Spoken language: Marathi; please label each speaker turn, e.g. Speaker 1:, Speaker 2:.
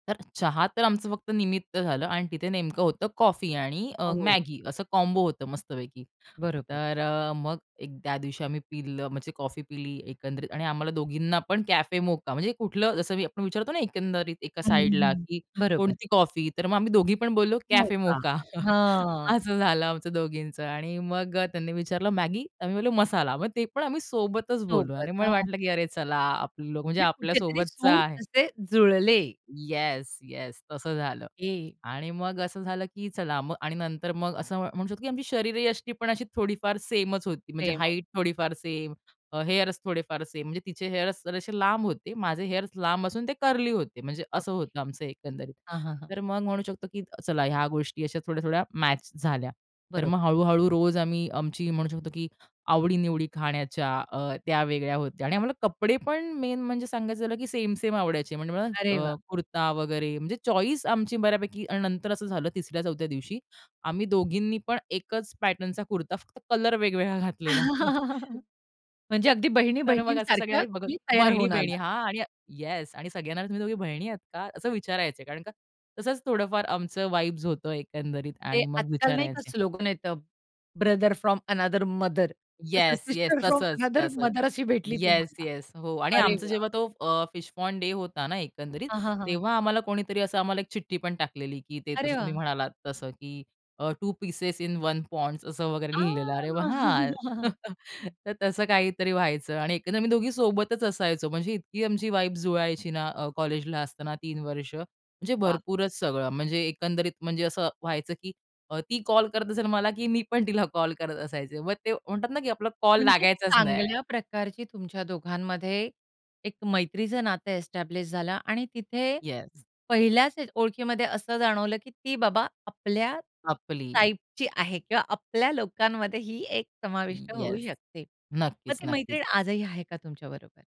Speaker 1: तर चहा तर आमचं फक्त निमित्त झालं आणि तिथे नेमकं होतं कॉफी आणि अ,
Speaker 2: हो.
Speaker 1: मॅगी असं कॉम्बो होतं मस्तपैकी.
Speaker 2: बरोबर.
Speaker 1: तर अ, मग एक त्या दिवशी आम्ही पिलं म्हणजे कॉफी पिली एकंदरीत आणि आम्हाला दोघींना पण कॅफे मोका म्हणजे कुठलं जसं मी आपण विचारतो ना, एकंदरीत एका
Speaker 2: हं,
Speaker 1: साईडला
Speaker 2: हं,
Speaker 1: की
Speaker 2: बरोबर.
Speaker 1: कोणती कॉफी? तर मग आम्ही दोघी पण बोललो
Speaker 2: हो
Speaker 1: "कॅफे
Speaker 2: का.
Speaker 1: मोका"
Speaker 2: हां.
Speaker 1: असं झालं आमचं दोघींचं. आणि मग अ, त्यांनी विचारलं मॅगी आम्ही बोललो मसाला. मग ते पण आम्ही सोबतच बोललो आणि
Speaker 2: सोबत.
Speaker 1: मला
Speaker 2: हां.
Speaker 1: वाटलं, की अरे चला, आपलं म्हणजे
Speaker 2: जे कुठेतरी
Speaker 1: आपल्यासोबतचा
Speaker 2: सूर
Speaker 1: आहे.
Speaker 2: असे जुळले.
Speaker 1: Yes, yes. तसं झालं.
Speaker 2: ए
Speaker 1: आणि मग असं झालं, की चला आणि नंतर मग असं म्हणू शकतो की आमची शरीरयष्टी पण अशी थोडीफार सेमच होती म्हणजे
Speaker 2: सेम.
Speaker 1: हाईट थोडीफार सेम अ, हेअर्स थोडेफार सेम म्हणजे तिचे हेअर्स जसे लांब होते. माझे हेअर्स लांब असून ते कर्ली होते म्हणजे असं
Speaker 2: ओके.
Speaker 1: होतं आमचं एकंदरीत.
Speaker 2: हां, हां, हां.
Speaker 1: तर मग म्हणू शकतो, की चला ह्या गोष्टी अशा थोड्या-थोड्या मॅच झाल्या. तर
Speaker 2: बरोबर.
Speaker 1: मग हळू-हळू रोज आम्ही आमची म्हणू शकतो, की आवडी-निवडी खाण्याच्या अ, त्या वेगळ्या होत्या आणि आम्हाला कपडे पण मेन म्हणजे सांगायचं झालं की सेम-सेम आवडायचे म्हणजे मला
Speaker 2: अरे वाह!
Speaker 1: अ, कुर्ता वगैरे म्हणजे चॉईस आमची बऱ्यापैकी आणि नंतर असं झालं तिसऱ्या चौथ्या दिवशी आम्ही दोघींनी पण एकच पॅटर्नचा कुर्ता फक्त कलर वेगवेगळा घातलेला.
Speaker 2: म्हणजे अगदी
Speaker 1: तर मग असे
Speaker 2: बहिणी-बहिणींसारख्या
Speaker 1: सगळे बघत
Speaker 2: तुम्ही तयार होऊन
Speaker 1: बहिणी-बहिणी
Speaker 2: आलात.
Speaker 1: हां, आणि येस आणि सगळ्यांना तुम्ही दोघी बहिणी आहेत का असं विचारायचे कारण का तसंच थोडंफार आमचं वाइब्स होतं एकंदरीत
Speaker 2: ते
Speaker 1: आणि मग
Speaker 2: आजकाल नाही का,
Speaker 1: विचारायचे.
Speaker 2: स्लोगन येतं brother from another mother,
Speaker 1: yes, yes.
Speaker 2: Sister from
Speaker 1: तसंच,
Speaker 2: अनादर
Speaker 1: तसंच.
Speaker 2: मदर अशी भेटली
Speaker 1: येस,
Speaker 2: तुम्हाला.
Speaker 1: येस, हो. आणि
Speaker 2: अरे
Speaker 1: आमचा
Speaker 2: वा!
Speaker 1: जेव्हा तो अ, फिश पॉन्ड डे होता ना, एकंदरीत
Speaker 2: हां, हां, हां.
Speaker 1: तेव्हा आम्हाला कोणीतरी असं आम्हाला एक चिठ्ठी पण टाकलेली, की ते
Speaker 2: अरे
Speaker 1: जसं तुम्ही
Speaker 2: वाह!
Speaker 1: म्हणालात तसं की अ, two pieces in one pods असं वगैरे लिहिलेलं आहे. अरे
Speaker 2: आ!
Speaker 1: वाह! तर तसं काहीतरी व्हायचं आणि एकंदर मी दोघी सोबतच असायचो. म्हणजे इतकी आमची वाईब जुळायची ना अ, कॉलेजला असताना 3 वर्ष म्हणजे
Speaker 2: वाह!
Speaker 1: भरपूरच सगळं. म्हणजे एकंदरीत म्हणजे असं व्हायचं की अ, ती कॉल करत असेल मला की मी पण तिला कॉल करत असायचे. मग ते म्हणतात ना की आपला कॉल
Speaker 2: म्हणजे
Speaker 1: लागायचाच नाही.
Speaker 2: चांगल्या प्रकारची तुमच्या दोघांमध्ये एक मैत्रीचं नातं एस्टॅब्लिश झालं आणि तिथे
Speaker 1: येस.
Speaker 2: पहिल्याच ओळखीमध्ये असं जाणवलं, की ती बाबा आपल्या
Speaker 1: आपली.
Speaker 2: टाइपची आहे किंवा आपल्या लोकांमध्ये ही एक समाविष्ट
Speaker 1: ये
Speaker 2: होऊ
Speaker 1: येस.
Speaker 2: शकते. मग
Speaker 1: नक्कीच.
Speaker 2: ती
Speaker 1: नक्कीच.
Speaker 2: मैत्रीण आजही आहे का तुमच्याबरोबर?